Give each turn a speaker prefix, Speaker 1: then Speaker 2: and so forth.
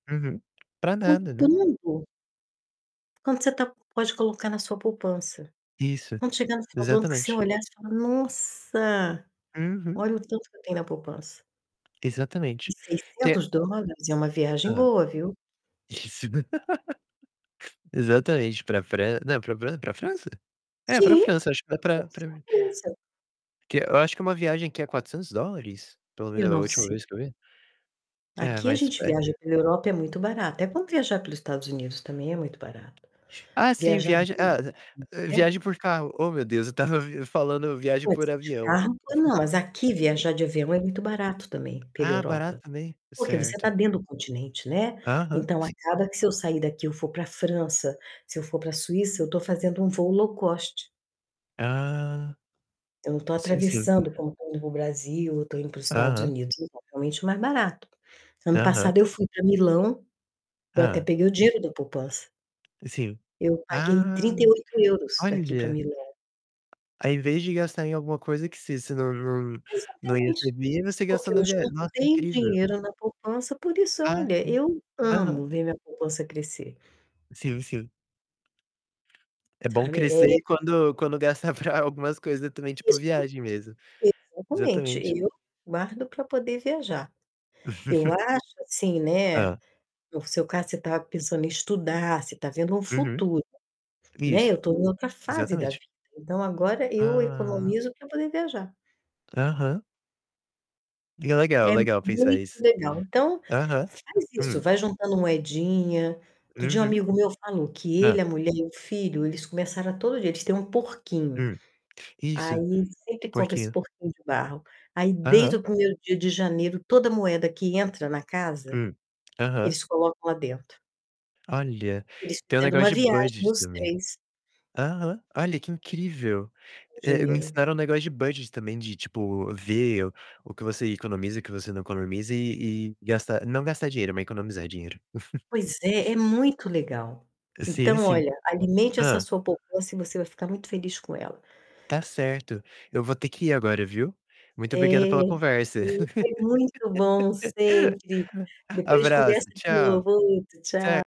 Speaker 1: Uhum. Pra nada, né?
Speaker 2: Comprando. Quanto você tá pode colocar na sua poupança.
Speaker 1: Isso,
Speaker 2: Quando chegar no final do ano, que você
Speaker 1: exatamente.
Speaker 2: olhar, você fala: "Nossa,
Speaker 1: Uhum.
Speaker 2: olha o tanto que eu tenho na poupança". E
Speaker 1: Exatamente. Te
Speaker 2: $600 é uma viagem
Speaker 1: Hã?
Speaker 2: boa, viu?
Speaker 1: Isso. Exatamente, pra Fra não, pra Fra pra França? É, pra
Speaker 2: Sim,
Speaker 1: França, acho que dá
Speaker 2: com
Speaker 1: pra pra
Speaker 2: certeza.
Speaker 1: Que eu acho que é uma viagem que é $400, pelo
Speaker 2: Eu
Speaker 1: menos da
Speaker 2: não
Speaker 1: última
Speaker 2: sei.
Speaker 1: vez que eu vi. É,
Speaker 2: Aqui a
Speaker 1: mas,
Speaker 2: gente
Speaker 1: é
Speaker 2: viaja pela Europa, é muito barato. É bom viajar pelo Estados Unidos também, é muito barato.
Speaker 1: Ah, sim,
Speaker 2: Viajar
Speaker 1: viagem,
Speaker 2: dentro
Speaker 1: hã-hã,
Speaker 2: do país,
Speaker 1: viagem por
Speaker 2: né?
Speaker 1: carro. Ô, meu Deus, eu estava vi falando viagem
Speaker 2: Pode
Speaker 1: por
Speaker 2: ser de
Speaker 1: avião.
Speaker 2: carro ou não, mas aqui viajar de avião é muito barato também pela
Speaker 1: Ah, barato
Speaker 2: Europa,
Speaker 1: também?
Speaker 2: porque você tá
Speaker 1: Certo.
Speaker 2: dentro do continente, né,
Speaker 1: Aham,
Speaker 2: então
Speaker 1: sim.
Speaker 2: acaba que se eu sair daqui eu for pra França, se eu for pra Suíça, eu tô fazendo um voo low cost.
Speaker 1: Ah.
Speaker 2: Eu não tô
Speaker 1: Sim, sim.
Speaker 2: atravessando, como quando eu vou ao Brasil ou tô indo para os Estados
Speaker 1: Aham.
Speaker 2: Unidos, então é realmente mais barato. Ano
Speaker 1: Aham.
Speaker 2: passado eu fui pra Milão, eu até
Speaker 1: Hã?
Speaker 2: peguei o dinheiro da poupança.
Speaker 1: Sim.
Speaker 2: Eu paguei trinta e
Speaker 1: Ah,
Speaker 2: oito euros, daqui pra
Speaker 1: olha.
Speaker 2: Milão.
Speaker 1: Ao invés de gastar em alguma coisa que você você não não não ia
Speaker 2: Exatamente,
Speaker 1: receber, você gastou
Speaker 2: porque eu
Speaker 1: na via nossa,
Speaker 2: juntei
Speaker 1: incrível.
Speaker 2: dinheiro na poupança. Por isso,
Speaker 1: Ah,
Speaker 2: olha,
Speaker 1: sim.
Speaker 2: eu
Speaker 1: Aham.
Speaker 2: amo ver minha poupança crescer.
Speaker 1: Sim, sim. É bom
Speaker 2: Sabe, é
Speaker 1: crescer e quando quando gastar pra algumas coisas também, tipo,
Speaker 2: Isso,
Speaker 1: viagem mesmo.
Speaker 2: exatamente,
Speaker 1: Exatamente.
Speaker 2: eu guardo pra poder viajar. Eu acho assim, né,
Speaker 1: Hã?
Speaker 2: no seu caso, você tá pensando em estudar, você tá vendo um
Speaker 1: Uhum.
Speaker 2: futuro, né.
Speaker 1: Isso,
Speaker 2: Eu tô em outra fase da
Speaker 1: exatamente.
Speaker 2: vida, então agora eu
Speaker 1: Ah!
Speaker 2: economizo pra poder viajar.
Speaker 1: Aham. E é legal,
Speaker 2: É
Speaker 1: legal pensar
Speaker 2: muito
Speaker 1: isso.
Speaker 2: legal. Então,
Speaker 1: Aham.
Speaker 2: faz isso,
Speaker 1: Hum.
Speaker 2: vai juntando moedinha. Outro dia um
Speaker 1: Uhum.
Speaker 2: amigo meu falou que ele, a
Speaker 1: Hã?
Speaker 2: mulher e o filho, eles começaram a todo dia eles têm um porquinho.
Speaker 1: Hum.
Speaker 2: Aí,
Speaker 1: Isso,
Speaker 2: sempre
Speaker 1: por
Speaker 2: compra esse
Speaker 1: quê?
Speaker 2: porquinho de barro. Aí, desde
Speaker 1: Aham.
Speaker 2: o primeiro dia de janeiro, toda moeda que entra na casa,
Speaker 1: Hum. Aham.
Speaker 2: eles colocam lá dentro.
Speaker 1: Olha,
Speaker 2: Eles
Speaker 1: tem o
Speaker 2: fizeram
Speaker 1: negócio
Speaker 2: uma
Speaker 1: de
Speaker 2: viagem,
Speaker 1: budget
Speaker 2: os
Speaker 1: também.
Speaker 2: três
Speaker 1: Aham. Olha, que incrível!
Speaker 2: com o
Speaker 1: É, me
Speaker 2: dinheiro.
Speaker 1: ensinaram o negócio de budget também, de tipo, ver o que você economiza, o que você não economiza e e gastar não gastar dinheiro, mas economizar dinheiro.
Speaker 2: Pois é, é muito legal.
Speaker 1: Sim,
Speaker 2: Então
Speaker 1: sim.
Speaker 2: olha, alimente essa
Speaker 1: Hã?
Speaker 2: sua poupança e você vai ficar muito feliz com ela.
Speaker 1: Tá certo. Eu vou ter que ir agora, viu. Muito obrigado
Speaker 2: É,
Speaker 1: pela conversa.
Speaker 2: foi muito bom, sempre. Depois a gente
Speaker 1: Abraço.
Speaker 2: conversa de
Speaker 1: Tchau.
Speaker 2: novo. Outro,
Speaker 1: Cer
Speaker 2: tchau.